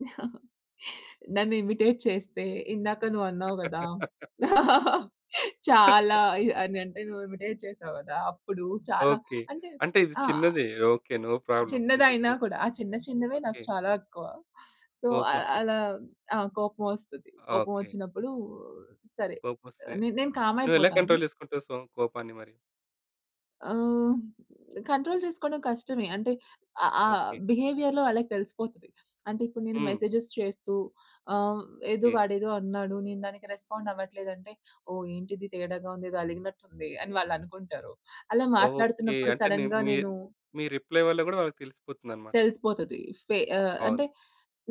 నన్ను ఇమిటేట్ చేస్తే ఇందాక నువ్వు అన్నావు కదా! చాలా అని అంటే నువ్వు ఇమిటేట్ చేసావు కదా! అప్పుడు చాలా ఓకే. అంటే అంటే ఇది ఆ! చిన్నది. ఓకే. No problem. చిన్నది అయినా [unintelligible] కూడా, ఆ చిన్న చిన్నవే నాకు ఓకే. చాలా ఎక్కువ సో, అ కోపం వస్తది. అలా ఆ! కోపం వస్తది. కోపం ఓకే. వచ్చినప్పుడు సరే! కోపం వస్తే, నెనేను కామ్ నువ్వు ఎలా అయిపోతాను. కంట్రోల్ చేసుకుంటావు. సో, కోపాన్ని మరి? ఆహ్, కంట్రోల్ చేసుకోవడం కష్టమే. అంటే ఆ ఆ! ఓకే. బిహేవియర్‌లో వాళ్ళకి తెలిసిపోతది. అంటే ఇప్పుడు నేను హ్మ్. మెసేజెస్ చేస్తూ, ఆహ్, ఏదో ఓకే. వాడేదో అన్నాడు. నేను దానికి రెస్పాండ్ అవ్వట్లేదు అంటే, ఓహ్! ఏంటి ఇది తేడాగా ఉంది. ఏదో అలిగినట్టు ఉంది. అని వాళ్ళు అనుకుంటారు. అలా ఓకే. మాట్లాడుతున్నప్పుడు అంటే నె సడెన్‌గా మీ నేను మీ రిప్లై వల్ల కూడా వాళ్ళకి తెలిసిపోతుందన్నమాట. తెలిసిపోతది ఫె ఆహ్, బావుంది. అంటే,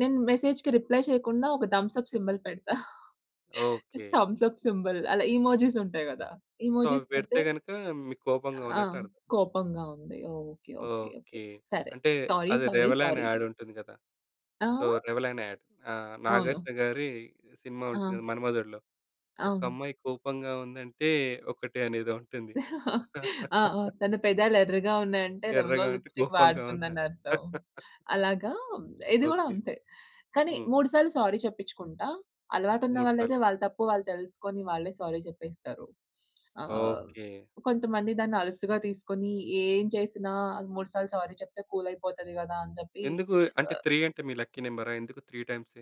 నేను మెసేజ్‌కి రిప్లై చేయకుండా ఒక థంబ్ సప్ సింబల్ పెడతా. Just okay. Thumbs up symbol. అలా ఎమోజిస్ ఉంటాయి కదా! సో, ఎమోజిస్ అవి పెడితే పెడితే గనక మీకు కోపంగా ఆ! ఉన్నట్టు అర్థం. కోపంగా ఉంది. ఓకే. ఓకే. ఓకే. ఓకే. సరే! అంటే సారీ. అది సారీ. రేవలన్ సారీ. యాడ్ ఉంటుంది కదా! సో, ఆ? రేవ్‌లాన్ యాడ్ ఆహ్, అవును. 'నాగార్జున' గారి సినిమా ఉంటుంది ఆ! కదా! 'మన్మధుడులో' ఒక అవును. అమ్మాయి కోపంగా ఉందంటే, ఒకటె అనేదో అంటుంది. ఆ! ఆ! తను పెద్దలు ఎర్రగా ఉన్నాయంటే, ఎర్రగా రేవ్‌లాన్ ఉంటే లిప్స్‌స్టిక్ కోపంగా వాడుతుందని ఉన్నారు. అర్థం. అలాగా, ఇది కూడా ఓకే. అంతే. కానీ హ్మ్. 3 సార్లు సారీ చెప్పిచుకుంటా. అలవాటు ఉన్న 3 వాళ్ళు అయితే సార్లు. వాళ్ళ తప్పు వాళ్ళు తెలుసుకొని వాళ్ళే సారీ చెప్పేస్తారు. ఆహ్, ఓకే. కొంతమంది దాన్ని అలుసుగా తీసుకొని, ఏం చేసినా 3 సార్లు సారీ చెప్తే కూల్ అయిపోతది కదా అని చెప్పి ఎందుకు అంటే, ఆహ్ 3 అంటే మీ లక్కీ నంబరా, ఎందుకు 3 టైమ్సే?